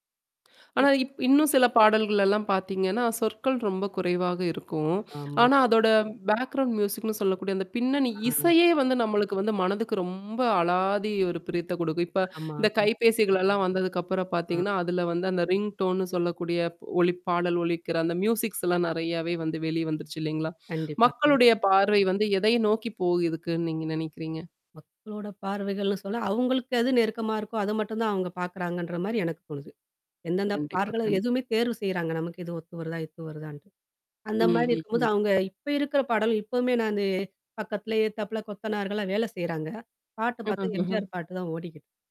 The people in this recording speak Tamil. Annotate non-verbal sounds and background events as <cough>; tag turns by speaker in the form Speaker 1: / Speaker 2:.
Speaker 1: இப்.
Speaker 2: ஆனா, இப் இன்னும் சில பாடல்களலாம் பார்த்தீங்கன்னா, சொற்கள் ரொம்ப குறைவாக <sniffs> இருக்கும்.
Speaker 1: ஆமா.
Speaker 2: ஆனா, அதோட பேக்கிரவுண்ட் மியூசிக்ன்னு சொல்லக்கூடிய அந்த பின்னணி
Speaker 1: ஆ.
Speaker 2: இசையே வந்து நம்மளுக்கு வந்து மனதுக்கு ரொம்ப அலாதி ஒரு பிரியத்த குடுக்கும். இப்போ
Speaker 1: ஆமா
Speaker 2: இந்த
Speaker 1: ம.
Speaker 2: கைபேசிகள் எல்லாம் வந்ததுக்கப்புறம்
Speaker 1: ஆ.
Speaker 2: பாத்தீங்கன்னா, அதில வந்து அந்த ரிங்டோன்ன்னு சொல்லக்கூடிய ஒலிப் பாடல் ஒலிக்கிற அந்த மியூசிக்ஸ்லாம் நெறையாவே வந்து வெளி வந்துருச்சு இல்லைங்களா!
Speaker 1: கண்டிப்பா கண்டிப்
Speaker 2: மக்களுடைய பார்வை வந்து எதை நோக்கி போய் இருக்குன்னு நீங்க நெனைக்கிறீங்க?
Speaker 1: மக்களோட பார்வைகள்ன்னு சொல்ல அவுங்களுக்கு எது நெருக்கமா இருக்கோ, அதை மட்டும் தான் அவுங்க பாக்குறாங்கன்ற மாரி, எனக்கு தோணுது. எந்தெந்த
Speaker 2: கண்டிப்பா
Speaker 1: பாடல்கள
Speaker 2: கண்
Speaker 1: எதுவுமே தேர்வு செய்கிறாங்க நமக்கு இது ஒத்து வருதா, இது வருதாண்ட்டு. அந்த
Speaker 2: ம்
Speaker 1: மாதிரி
Speaker 2: ம்
Speaker 1: இருக்கும்போது
Speaker 2: ம்.
Speaker 1: அவுங்க இப்போ இருக்கிற பாடலும் எப்பவுமே நானு, பக்கத்துலேயே எதுத்தாப்புல கொத்தனார்கள்லாம் வேலை செய்றாங்க. பாட்டு
Speaker 2: ம்-ம்,
Speaker 1: பாத்தா,
Speaker 2: ம்ஹ்ம்.
Speaker 1: எம்ஜிஆர் பாட்டு தான் ஓடிக்கிட்